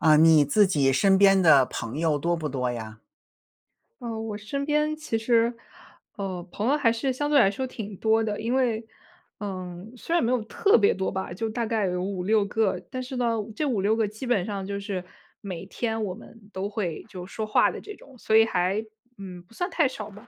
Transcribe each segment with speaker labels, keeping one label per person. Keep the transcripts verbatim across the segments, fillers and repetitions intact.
Speaker 1: 啊，你自己身边的朋友多不多呀？
Speaker 2: 呃，我身边其实，呃，朋友还是相对来说挺多的，因为，嗯，虽然没有特别多吧，就大概有五六个。但是呢，这五六个基本上就是每天我们都会就说话的这种，所以还，嗯，不算太少吧。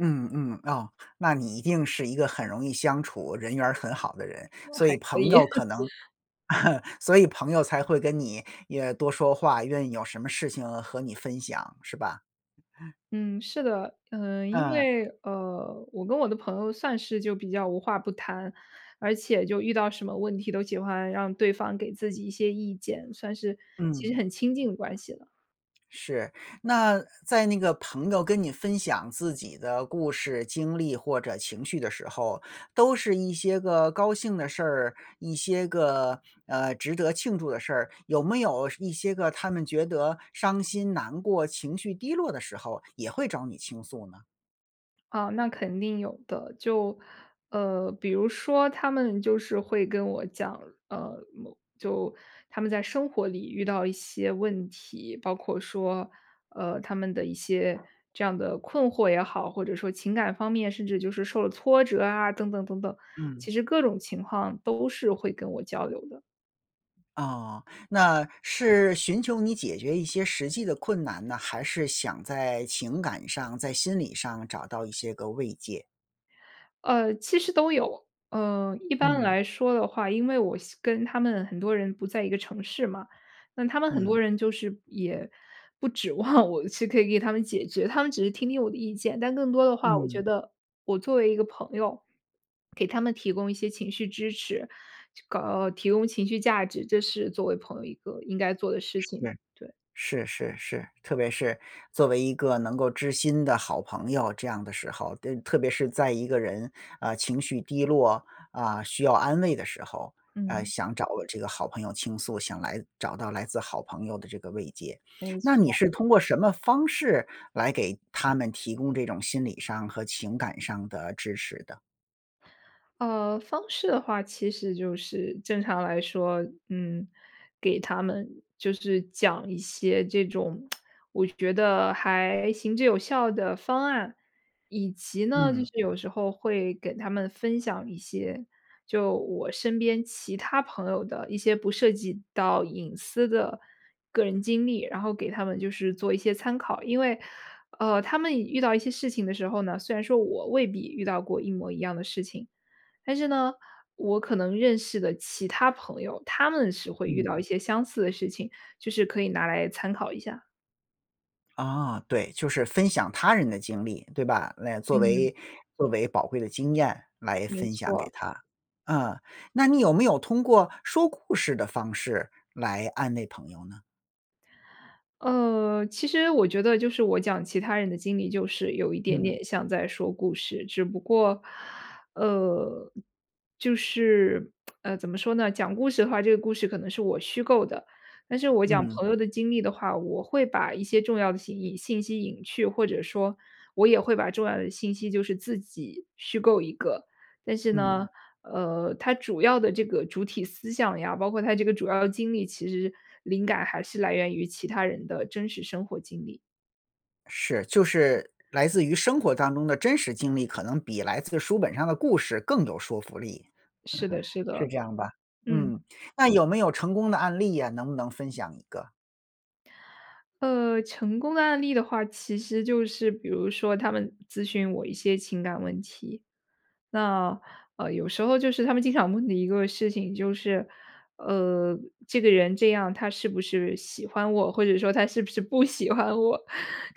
Speaker 1: 嗯嗯，哦，那你一定是一个很容易相处，人缘儿很好的人。所
Speaker 2: 还
Speaker 1: 以
Speaker 2: 可
Speaker 1: 朋
Speaker 2: 以。
Speaker 1: 友可能 所以朋友才会跟你也多说话，愿意有什么事情和你分享，是吧？
Speaker 2: 嗯，是的，呃，因
Speaker 1: 呃。
Speaker 2: 为，呃，我跟我的朋友算是就比较无话不谈，而且就遇到什么问题，都喜欢让对方给自己一些意见，算是其实
Speaker 1: 嗯。
Speaker 2: 很亲近的关系了。
Speaker 1: 是，那在那个朋友跟你分享自己的故事、经历或者情绪的时候，都是一些个高兴的事儿，一些个，呃，值得庆祝的事儿，有没有是一些个他们觉得伤心、难过、情绪低落的时候也会找你倾诉呢？
Speaker 2: 啊，那肯定有的。就，呃，比如说他们就是会跟我讲，呃，某就他们在生活里遇到一些问题，包括说，呃，他们的一些这样的困惑也好，或者说情感方面，甚至就是受了挫折啊等等等等，
Speaker 1: 嗯。
Speaker 2: 其实各种情况都是会跟我交流的。
Speaker 1: 哦，那是寻求你解决一些实际的困难呢，还是想在情感上、在心理上找到一些个慰藉？
Speaker 2: 呃，其实都有，呃，一般
Speaker 1: 嗯。
Speaker 2: 来说的话，因为我现跟他们很多人不在一个城市嘛，那他们很多
Speaker 1: 嗯。
Speaker 2: 人就是也不指望我是可以给他们解决，他们只是听听我的意见，但更多的话我觉
Speaker 1: 嗯。
Speaker 2: 得我作为一个朋友，给他们提供一些情绪支持，就搞提供情绪价值，这是作为朋友一个应该做的事
Speaker 1: 是，
Speaker 2: 情，对。
Speaker 1: 是是是，特别是作为一个能够知心的好朋友，这样的时候，的特别是在一个人，呃，情绪低落，啊，需要安慰的时候，呃，
Speaker 2: 嗯。
Speaker 1: 想找个这个好朋友倾诉，想来找到来自好朋友的这个慰藉。
Speaker 2: 没
Speaker 1: 那你
Speaker 2: 错。
Speaker 1: 是通过什么方式来给他们提供这种心理上和情感上的支持的？
Speaker 2: 呃，方式的话，其实就是正常来说，嗯，给他们就是讲一些这种 我觉得还行之有效的方案。以及呢，就
Speaker 1: 嗯。
Speaker 2: 是有时候会给他们分享一些，就我身边其他朋友的一些不涉及到隐私的个人经历，然后给他们就是做一些参考。因为，呃，他们以遇到一些事情的时候呢，虽然说我未必遇到过一模一样的事情。但是呢，我可能认识的其他朋友，他们是会遇
Speaker 1: 嗯。
Speaker 2: 到一些相似的事情，就是可以拿来参考一下。
Speaker 1: 啊，对。就是分享他人的经历，对吧？来作
Speaker 2: 嗯。
Speaker 1: 为作为宝贵的经验来
Speaker 2: 没
Speaker 1: 分享给
Speaker 2: 错。
Speaker 1: 他。嗯，那你有没有通过说故事的方式来安慰朋友呢？
Speaker 2: 呃，其实我觉得就是我讲其他人的经历就是有一点
Speaker 1: 嗯。
Speaker 2: 点像在说故事。只不过，呃，就是，呃，怎么说呢？讲故事的话，这个故事可能是我虚构的。但是我讲
Speaker 1: 嗯。
Speaker 2: 朋友的经历的话，我会把一些重要的信信息隐去，或者说我也会把重要的信息就是自己虚构一个。但是呢，
Speaker 1: 嗯。
Speaker 2: 呃，它主要的这个主体思想呀，包括它这个主要经历，其实灵感还是来源于其他人的真实生活经历。
Speaker 1: 是，就是来自于生活当中的真实经历，可能比来自书本上的故事更有说服力，
Speaker 2: 是的是
Speaker 1: 是
Speaker 2: 的。
Speaker 1: 这样吧？
Speaker 2: 嗯。
Speaker 1: 嗯，那有没有成功的案例呀，能不能分享一个？
Speaker 2: 呃，成功的案例的话，其实就是比如说他们咨询我一些情感问题。那，呃，有时候就是他们经常问的一个事情，就是，呃，这个人这样他是不是喜欢我，或者说他是不是不喜欢我，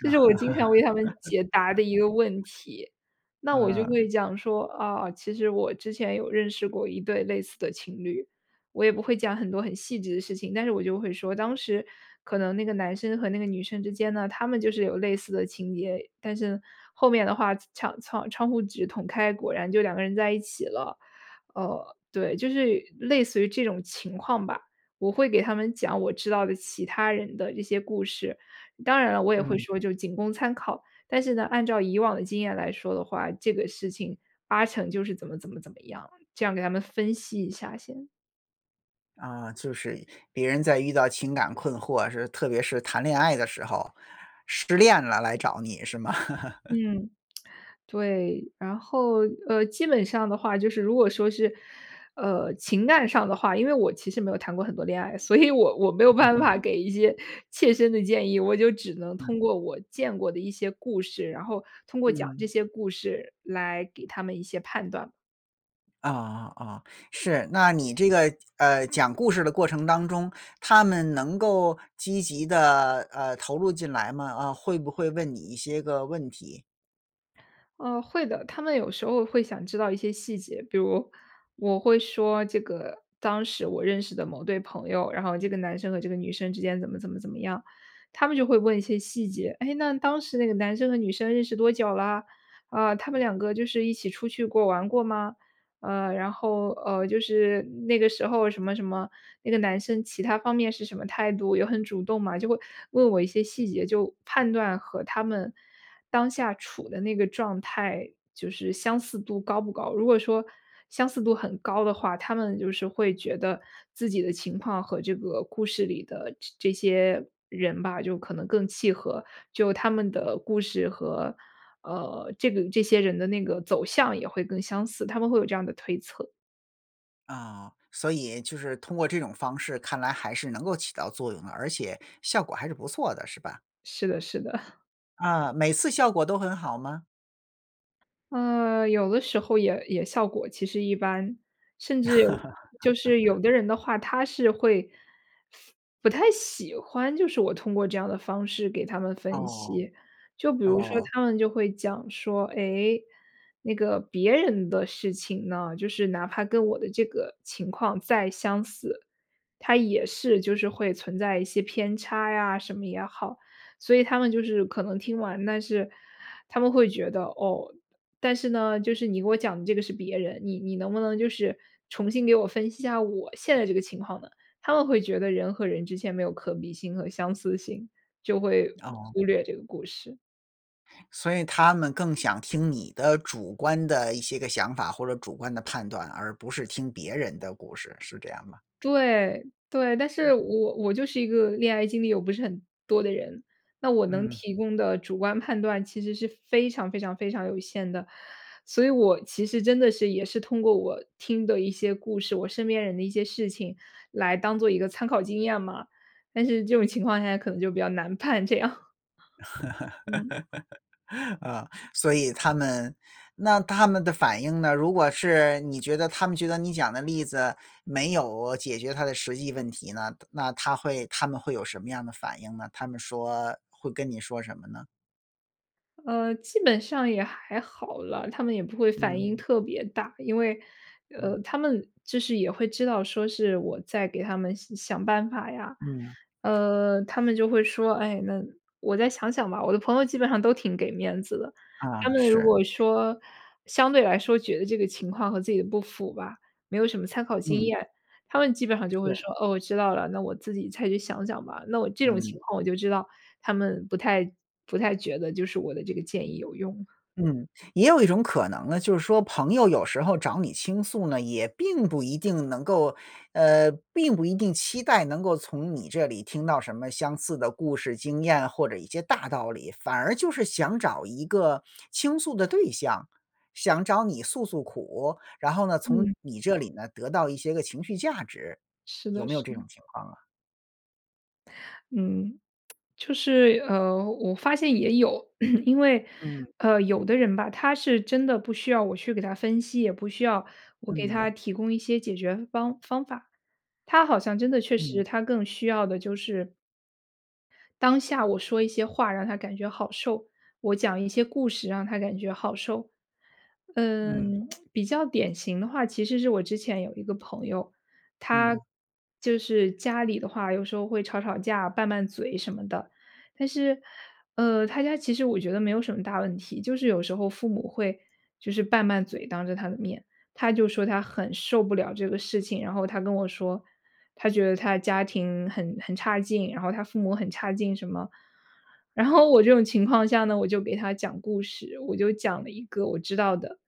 Speaker 2: 这是我经常为他们解答的一个问 题。那我就
Speaker 1: 嗯。
Speaker 2: 会讲说：“啊，其实我之前有认识过一对类似的情侣。”我也不会讲很多很细致的事情，但是我就会说：“当时可能那个男生和那个女生之间呢，他们就是有类似的情节，但是后面的话场窗窗户纸捅开，果然就两个人在一起了。”呃，对，就是类似于这种情况吧，我会给他们讲我知道的其他人的这些故事。当然了，我也会
Speaker 1: 嗯。
Speaker 2: 说就仅供参考。但是呢，按照以往的经验来说的话，这个事情八成就是怎么怎么怎么样，这样给他们分析一下先。
Speaker 1: 啊，就是别人在遇到情感困惑，是，特别是谈恋爱的时候，失恋了来找你是吗？
Speaker 2: 嗯，对。然后，呃，基本上的话就是如果说是，呃，情感上的话，因为我其实没有谈过很多恋爱，所以我我没有
Speaker 1: 嗯
Speaker 2: 办
Speaker 1: 嗯。
Speaker 2: 法给一些切身的建议，我就只能
Speaker 1: 嗯。
Speaker 2: 通过我见过的一些故事，然后通过讲
Speaker 1: 嗯。
Speaker 2: 这些故事来给他们一些判断。
Speaker 1: 哦，哦，是。那你这个，呃，讲故事的过程当中，他们能够积极地，呃，投入进来吗？啊，会不会问你一些个问题？
Speaker 2: 啊，会的。他们有时候会想知道一些细节，比如我会说这个，当时我认识的某对朋友，然后这个男生和这个女生之间怎么怎么怎么样。他们就会问一些细节：“诶，那当时那个男生和女生认识多久啦？啊，他们两个就是一起出去过，玩过吗？”呃，然后，呃，就是那个时候什么什么，“那个男生其它方面是什么态度，有很主动吗？”就会问我一些细节，就判断和他们当下处的那个状态，就是相似度高不高。如果说相似度很高的话，他们就是会觉得自己的情况和这个故事里的这这些人吧，就可能更契合，就他们的故事和，呃，这个这些人的那个走向也会更相似，他们会有这样的推测。
Speaker 1: 啊，所以就是通过这种方式看来还是能够起到作用的，而且效果还是不错的是吧？
Speaker 2: 是的是的。
Speaker 1: 啊，每次效果都很好吗？
Speaker 2: 呃，有的时候也也效果其实一般。甚至就是有的人 的话，他是会，不太喜欢就是我通过这样的方式给他们分
Speaker 1: 哦，
Speaker 2: 析。就比如说
Speaker 1: 哦。
Speaker 2: 他们就会讲说，哎，那个别人的事情呢，就是哪怕跟我的这个情况再相似，它也是就是会存在一些偏差呀，什么也好。所以他们就是可能听完，但是，他们会觉得，哦，但是呢，就是你给我讲的这个是别人，你你能不能就是重新给我分析一下我现在这个情况呢？他们会觉得人和人之间没有可比性和相似性，就会
Speaker 1: 哦。
Speaker 2: 忽略这个故事。
Speaker 1: 所以他们更想听你的主观的一些个想法或者主观的判断，而不是听别人的故事，是这样吗？
Speaker 2: 对，对。但
Speaker 1: 嗯。
Speaker 2: 是我我就是一个恋爱经历又不是很多的人，那我能
Speaker 1: 嗯。
Speaker 2: 提供的主观判断其实是非常非常非常有限的。所以我其实真的是也是通过我听的一些故事，我身边人的一些事情，来当做一个参考经验嘛，但是这种情况下可能就比较难判这样。嗯。
Speaker 1: 呃，所以他们，那他们的反应呢？如果是你觉得他们觉得你讲的例子没有解决他的实际问题呢？那他会他们会有什么样的反应呢？他们说会跟你说什么呢？
Speaker 2: 呃，基本上也还好啦，他们也不会反
Speaker 1: 嗯。
Speaker 2: 应特别大。因为
Speaker 1: 嗯。
Speaker 2: 呃，他们就是也会知道说是我在给他们想想办法呀，
Speaker 1: 嗯。
Speaker 2: 呃，他们就会说，哎，那我再想想吧，我的朋友基本上都挺给面子的。
Speaker 1: 啊，
Speaker 2: 他们如
Speaker 1: 是。
Speaker 2: 果说相对来说觉得这个情况和自己的不符吧，没有什么参考经
Speaker 1: 嗯。
Speaker 2: 验，他们基本上就会说：
Speaker 1: 是。
Speaker 2: “哦，我知道了，那我自己再去想想吧。”那我这种
Speaker 1: 嗯。
Speaker 2: 情况我就知道他们不太不太觉得就是我的这个建议有用。
Speaker 1: 嗯，也有一种可能呢，就是说朋友有时候找你倾诉呢，也并不一定能够呃，并不一定期待能够从你这里听到什么相似的故事经验，或者一些大道理，反而就是想找一个倾诉的对象，想找你诉诉苦，然后呢，从
Speaker 2: 嗯。
Speaker 1: 你这里呢得到一些个情绪价值。
Speaker 2: 是
Speaker 1: 有
Speaker 2: 的
Speaker 1: 没有
Speaker 2: 是
Speaker 1: 这
Speaker 2: 的。
Speaker 1: 种情况啊？
Speaker 2: 嗯，就是呃，我发现也有。因为
Speaker 1: 嗯。
Speaker 2: 呃，有的人吧，他是真的不需要我去给他分析，也不需要我给他
Speaker 1: 嗯。
Speaker 2: 提供一些解决方方法。他好像真的确
Speaker 1: 嗯。
Speaker 2: 实他更需要的就是当下我说一些话让他感觉好受、我讲一些故事让他感觉好受。
Speaker 1: 嗯。
Speaker 2: 嗯，比较典型的话其实是我之前有一个朋友，他
Speaker 1: 嗯。
Speaker 2: 就是家里的话有时候会吵吵架，拌拌嘴什么的，但是呃，他家其实我觉得没有什么大问题，就是有时候父母会就是拌拌嘴当着他的面，他就说他很受不了这个事情，然后他跟我说，他觉得他的家庭很很差劲，然后他父母很差劲什么。然后我这种情况下呢，我就给他讲故事。我就讲了一个我知道的，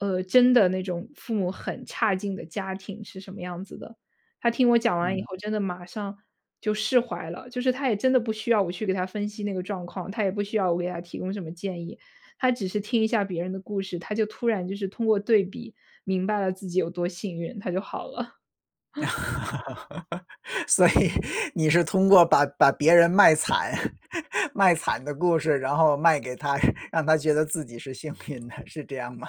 Speaker 2: 呃，真的那种父母很差劲的家庭是什么样子的，他听我讲完以
Speaker 1: 嗯。
Speaker 2: 后真的马上就释怀了。就是他也真的不需要我去给他分析那个状况，他也不需要我给他提供什么建议。他只是听一下别人的故事，他就突然就是通过对比明白了自己有多幸运，他就好了。
Speaker 1: 所以你是通过把把别人卖惨，卖惨的故事，然后卖给他，让他觉得自己是幸运的，是这样吗？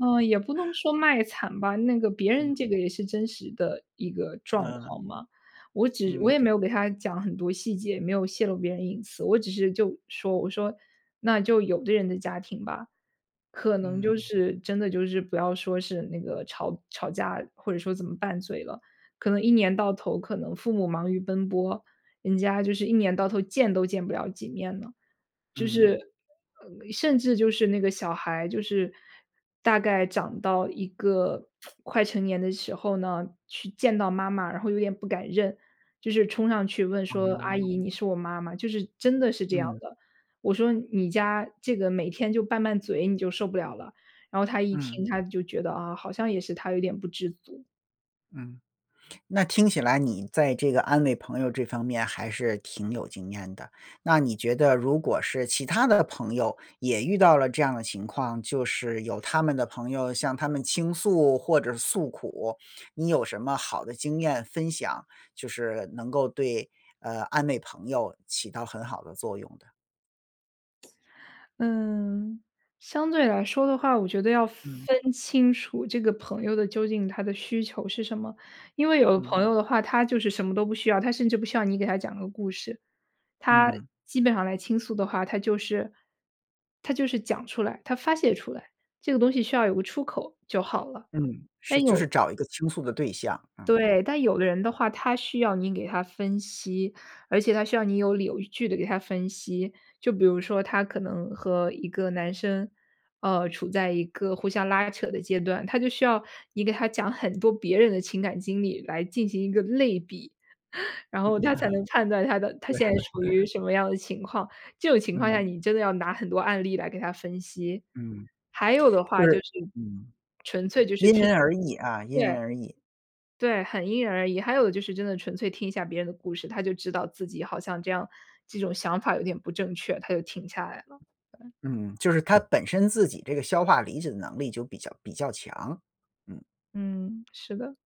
Speaker 2: 呃，也不能 说卖惨吧。那个别
Speaker 1: 嗯。
Speaker 2: 人这个也是真实的一个状
Speaker 1: 嗯。
Speaker 2: 况嘛，我只我
Speaker 1: 嗯。
Speaker 2: 也没有给他讲很多细节，也没有泄露别人隐私。我只是就说我说那就有的人的家庭吧，可能就
Speaker 1: 嗯。
Speaker 2: 是真的就是不要说是那个吵吵架或者说怎么拌嘴了，可能一年到头可能父母忙于奔波，人家就是一年到头见都见不了几面了。就
Speaker 1: 嗯。
Speaker 2: 是甚至就是那个小孩，就是大概长到一个 快成年的时候呢，去见到妈妈，然后有点不敢认，就是冲上去问说阿
Speaker 1: 哦。
Speaker 2: 姨，你是我妈吗？就是真的是这样
Speaker 1: 嗯。
Speaker 2: 的。我说你家这个每天就拌拌嘴，你就受不了了。然后他一
Speaker 1: 嗯。
Speaker 2: 听他就觉得啊，好像也是他有点不知足。
Speaker 1: 嗯。那听起来你在这个安慰朋友这方面还是挺有经验的。那你觉得如果是其他的朋友也遇到了这样的情况，就是有他们的朋友向他们倾诉或者诉苦，你有什么好的经验分享，就是能够对呃，安慰朋友起到很好的作用的？
Speaker 2: 嗯，相对来说的话，我觉得要
Speaker 1: 嗯。
Speaker 2: 分清楚这个朋友的究竟他的需求是什么。因为有的朋
Speaker 1: 嗯。
Speaker 2: 友的话，他就是什么都不需要，他甚至不需要你给他讲个故事。他
Speaker 1: 嗯。
Speaker 2: 基本上来倾诉的话，他就是他就是讲出来、他发泄出来，这个东西需要有个出口就好了。
Speaker 1: 嗯，是。
Speaker 2: 但
Speaker 1: 就是
Speaker 2: 有
Speaker 1: 找一个倾诉的对象，嗯。
Speaker 2: 对。但有的人的话，他需要你给他分析，而且他需要你有理有据地给他分析。就比如说她可能和一个男生，呃，处在一个互相拉扯的阶段，她就需要你给她讲很多别人的情感经历来进行一个类比。然
Speaker 1: 嗯。
Speaker 2: 后她才能判断她 的她
Speaker 1: 对。
Speaker 2: 现在属于什么 样的情况，这种情况下
Speaker 1: 嗯。
Speaker 2: 你真的要拿很多案例来给她分析。
Speaker 1: 嗯，
Speaker 2: 还有的话
Speaker 1: 就
Speaker 2: 就是
Speaker 1: 是。嗯
Speaker 2: 纯粹就是
Speaker 1: 因
Speaker 2: 听。
Speaker 1: 人而异啊，因
Speaker 2: 对，
Speaker 1: 人而异。
Speaker 2: 对，很因人而异。还有就是真的纯粹听一下别人的故事，他就知道自己好像这样这种想法有点不正确，他就停下来了。对。
Speaker 1: 嗯，就是他本身自己这个消化理解的能力就比较比较强，嗯。
Speaker 2: 嗯，是的。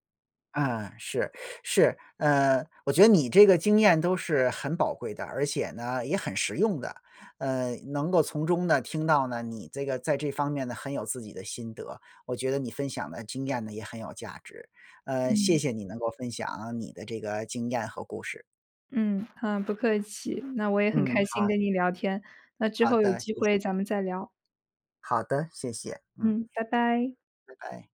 Speaker 1: 啊，是是。呃，我觉得你这个经验都是很宝贵的，而且呢也很实用的。呃，能够从中呢听到呢你这个在这方面呢很有自己的心得。我觉得你分享的经验呢也很有价值。呃，谢
Speaker 2: 嗯。
Speaker 1: 谢你能够分享你的这个经验和故事。
Speaker 2: 嗯，好，不客气。那我也很
Speaker 1: 嗯，
Speaker 2: 开心
Speaker 1: 好。
Speaker 2: 跟你聊天，那之
Speaker 1: 好
Speaker 2: 后有
Speaker 1: 的，谢
Speaker 2: 机
Speaker 1: 谢。
Speaker 2: 会咱们再聊。
Speaker 1: 好的，谢谢。嗯。
Speaker 2: 嗯，拜拜。
Speaker 1: 拜拜。